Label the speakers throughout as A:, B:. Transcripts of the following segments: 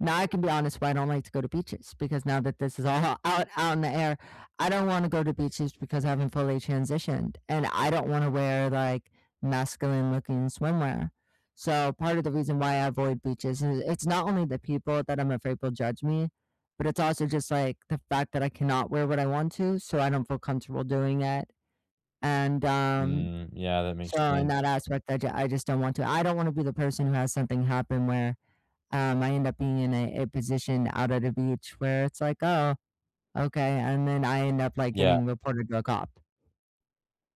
A: Now, I can be honest but I don't like to go to beaches, because now that this is all o out out in the air, I don't wanna go to beaches because I haven't fully transitioned, and I don't wanna wear, like, masculine-looking swimwear. So, part of the reason why I avoid beaches, i it's not only the people that I'm afraid will judge me, but it's also, just, like, the fact that I cannot wear what I want to so I don't feel comfortable doing it, and, um
B: Mm, yeah, that makes
A: so, in
B: sense.
A: that aspect, I j I just don't want to I don't wanna be the person who has something happen where, um, I end up being in a a position out at the beach, where it's like, "Oh, okay," and then I end up, like,
B: Yeah.
A: getting reported to a cop.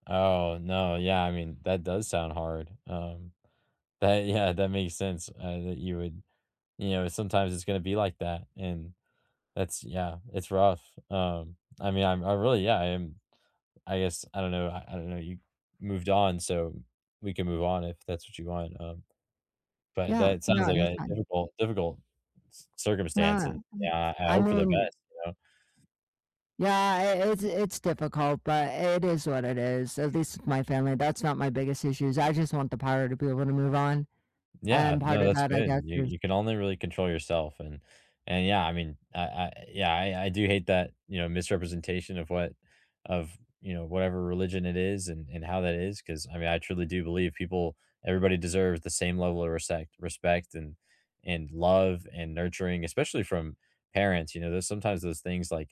B: Oh, no, yeah, I mean, that does sound hard. Um, that yeah, that makes sense, uh, that you would you know, sometimes it's gonna be like that and that's yeah, it's rough. Um, I mean, I'm I really, yeah, I am, I guess, I don't know I I don't know, you moved on, so m we can move on if that's what you want, um, but
A: Yeah,
B: that sounds
A: no,
B: like
A: that's
B: a
A: fine.
B: difficult, difficult c circumstance,
A: Nah,
B: and
A: I'm
B: yeah, I
A: I
B: hope for the
A: mean
B: best, you know?
A: Yeah, i it's it's difficult, but it is what it is. At least my family that's not my biggest issues. I just want the power to be able to move on,
B: Yeah,
A: and part
B: no,
A: of
B: that's
A: that, I
B: good.
A: guess,
B: You
A: is
B: you can only really control yourself and and yeah, I mean, I I yeah, I I do hate that, you know, misrepresentation of what of, you know, whatever religion it is and and how that is 'cause, I mean, I truly do believe people everybody deserves the same level of resect respect and and love and nurturing, especially from parents, you know, there's sometimes those things, like,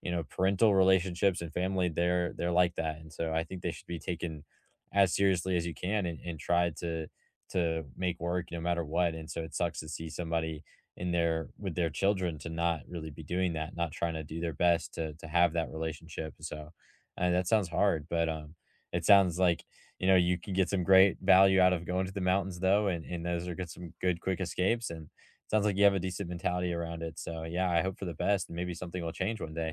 B: you know, parental relationships and family, they're they're like that, and so I think they should be taken as seriously as you can and and try to to make work no matter what, and so it sucks to see somebody in there with their children to not really be doing that, not trying to do their best to to have that relationship, and so and that sounds hard, but, um, it sounds, like, you know, you can get some great value out of going to the mountains though, and and those are some good quick escapes and it sounds like you have a decent mentality around it. So, yeah, I hope for the best and maybe something will change one day.